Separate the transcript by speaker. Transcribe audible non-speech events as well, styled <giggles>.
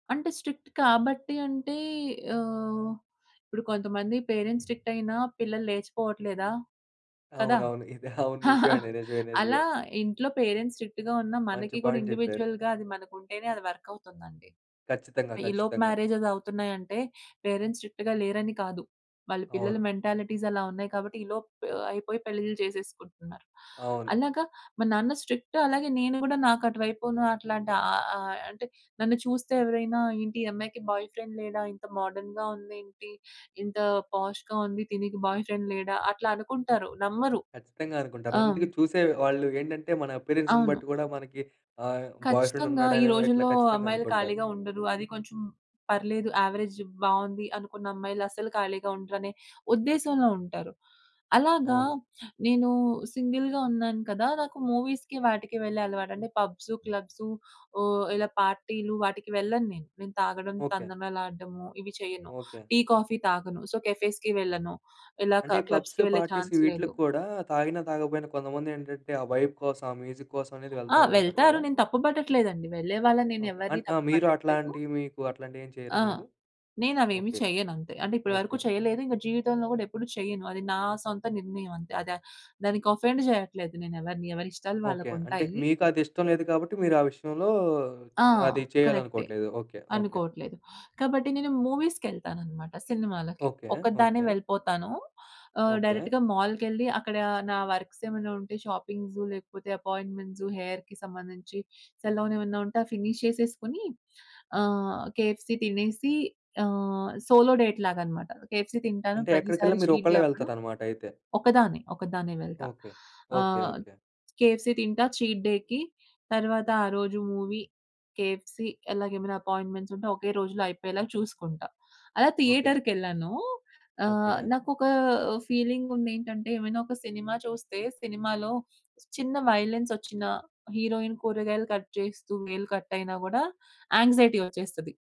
Speaker 1: అంటే స్ట్రిక్ట్ కాబట్టి అంటే ఆహ్, ఇప్పుడు కొంతమంది పేరెంట్స్ స్ట్రిక్ట్ అయినా పిల్లలు లేచిపోవట్లేదా? కదా!
Speaker 2: అవునవును. ఇది. <giggles> అవును. నిజమండి.
Speaker 1: <chuckles>
Speaker 2: నిజమే.
Speaker 1: అలా
Speaker 2: నిజమే.
Speaker 1: ఇంట్లో పేరెంట్స్ స్ట్రిక్ట్‌గా ఉన్న
Speaker 2: మంచి
Speaker 1: మనకి కూడా
Speaker 2: పాయింట్ చెప్పారు.
Speaker 1: ఇండివిడ్యుయల్‌గా అది మనకుంటేనే అది వర్కవుతుందండి.
Speaker 2: ఖచ్చితంగా.
Speaker 1: ఈలోపు
Speaker 2: ఖచ్చితంగా.
Speaker 1: మ్యారేజెసవుతున్నాయంటే పేరెంట్స్ స్ట్రిక్ట్‌గా లేరని కాదు, వాళ్ళ పిల్లల
Speaker 2: అవును.
Speaker 1: మెంటాలిటీస్ అలా ఉన్నాయి కాబట్టి ఈలోపు అయిపోయి పెళ్లిలు చేసేసుకుంటున్నారు.
Speaker 2: అవును.
Speaker 1: అలాగా, మా నాన్న స్ట్రిక్ట్ అలాగే నేను కూడా నాకు అటువైపును అట్లాంటి ఆహ్, ఆహ్, అంటే నన్ను చూస్తే ఎవరైనా ఏంటి ఈ అమ్మాయికి బాయ్ ఫ్రెండ్ లేడా! ఇంత మోడర్న్‌గా ఉందేంటి! ఇంత పోష్‌గా ఉంది, దీనికి బాయ్ ఫ్రెండ్ లేడా! అట్లా అనుకుంటారు నమ్మరు.
Speaker 2: ఖచ్చితంగా. అనుకుంటారు.
Speaker 1: ఆ!
Speaker 2: అందుకు చూసే వాళ్ళు ఏంటంటే మన అప్పియరెన్స్‌ని
Speaker 1: అవును.
Speaker 2: బట్టి కూడా మనకి ఆహ్, బాయ్ ఫ్రెండ్
Speaker 1: ఖచ్చితంగా ఈ
Speaker 2: ఉన్నాడనేవో ఇట్లా
Speaker 1: రోజుల్లో
Speaker 2: ఖచ్చితంగా
Speaker 1: అమ్మాయిలు
Speaker 2: అనుకుంటారు.
Speaker 1: ఖాళీగా ఉండరు, అది కొంచెం పర్లేదు యావరేజ్ బావుంది అనుకున్న అమ్మాయిలస్సలు ఖాళీగా ఉండరనే ఉద్దేశంలో ఉంటారు. అలాగా,
Speaker 2: అవును.
Speaker 1: నేను సింగిల్‌గా ఉన్నాను కదా! నాకు మూవీస్‌కి వాటికి వెళ్ళే అలవాటు. అంటే పబ్స్, క్లబ్స్ ఓహ్! ఇలా పార్టీలు వాటికి వెళ్ళను నేను. నేను తాగడం,
Speaker 2: ఓకే.
Speaker 1: తందనాలడము ఇవి చేయను.
Speaker 2: ఓకే.
Speaker 1: టీ, కాఫీ తాగను సో, కెఫేస్‌కి వెళ్ళను ఇలా
Speaker 2: అంటే
Speaker 1: క
Speaker 2: ఈ పబ్స్,
Speaker 1: క్లబ్స్‌కి వెళ్లే
Speaker 2: పార్టీస్
Speaker 1: ఛాన్స్ లేదు.
Speaker 2: వీటిలకి కూడా తాగినా, తాగకపోయినా కొంతమందేంటంటే ఆ వైబ్ కోసం, ఆ మ్యూజిక్ కోసం అనేది
Speaker 1: ఆ!
Speaker 2: వెళ్తా ఉంటారు
Speaker 1: వెళ్తారు.
Speaker 2: కదా!
Speaker 1: నేను తప్పు పట్టట్లేదండి. వెళ్ళే వాళ్ళని
Speaker 2: ఓకే.
Speaker 1: నేనెవ్వరిని
Speaker 2: అంట్ ఆ!
Speaker 1: తప్పు
Speaker 2: మీరు
Speaker 1: పట్టట్లేదు.
Speaker 2: అట్లాంటియి మీకూ అట్లాంటియేం చెయ్యరా
Speaker 1: ఆ!
Speaker 2: మీరు?
Speaker 1: నేనవేమి
Speaker 2: ఓకే.
Speaker 1: చేయనంతే. అంటే ఇప్పటివరకు
Speaker 2: ఓకే.
Speaker 1: చేయలేదు, ఇంక జీవితంలో గూడా ఎప్పుడు చెయ్యను. అది నా సొంత నిర్ణయం అంతే. అదే దానికి అఫెండ్ చేయట్లేదు నేనెవరిని. ఎవరిష్టాలు
Speaker 2: ఓకే. అంటే
Speaker 1: వాళ్ళకుంటాయి.
Speaker 2: మీకది ఇష్టం లేదు కాబట్టి, మీరు ఆ విషయంలో
Speaker 1: ఆ!
Speaker 2: అది
Speaker 1: కరెక్టే.
Speaker 2: చేయాలనుకోవట్లేదు. ఓకే. ఓకే.
Speaker 1: అనుకోట్లేదు. కాబట్టి నేను మూవీస్‌కెళ్తాననమాట. సినిమాలకి
Speaker 2: ఓకే.
Speaker 1: ఒక్కదాన్నే
Speaker 2: ఓకే.
Speaker 1: వెళ్ళిపోతాను. ఆహ్,
Speaker 2: ఓకే.
Speaker 1: డైరెక్ట్‌గా మాల్‌కెళ్ళి అక్కడ నా వర్క్సేమైనా ఉంటే షాపింగ్స్ లేకపోతే అపాయింట్మెంట్స్ హెయిర్‌కి సంబంధించి సెలూనేమైనా ఉంటే ఫినీష్ చేసేసుకొని ఆహ్, కేఎఫ్‌సీ తినేసి ఆహ్, సోలో డేట్ లాగానమాట. కేఎఫ్‌సీ తింటాను
Speaker 2: అంటే ఎక్కడికెళ్ళినా
Speaker 1: ప్రతిసారి
Speaker 2: మీరు
Speaker 1: చీట్ డే
Speaker 2: ఒక్కళ్ళే
Speaker 1: అప్పుడు.
Speaker 2: వెళ్తారనమాటయితే.
Speaker 1: ఒకదాన్నే. ఒకదాన్నే వెళ్తా.
Speaker 2: ఓకే. ఓకే.
Speaker 1: ఆహ్,
Speaker 2: ఓకే.
Speaker 1: కేఎఫ్‌సీ తింటా చీట్ డే‌కి తరువాత ఆ రోజు మూవీ, కేఎఫ్‌సీ అలాగే ఏమైనా అపాయింట్మెంట్స్ ఉంటే ఒకే రోజులో అయిపోయేలాగా చూసుకుంటా. అలా
Speaker 2: ఓకే.
Speaker 1: థియేటర్‌కెళ్ళానూ ఆహ్,
Speaker 2: ఓకే.
Speaker 1: నాకు ఒక ఫీలింగుందేంటంటే, ఏమైనా ఒక సినిమా చూస్తే, సినిమాలో చిన్న వయిలెన్సొచ్చినా హీరోయిన్ కూరగాయలు కట్ చేస్తూ వేలు కట్టయినా గూడా యాంక్సైటీ వచ్చేస్తది.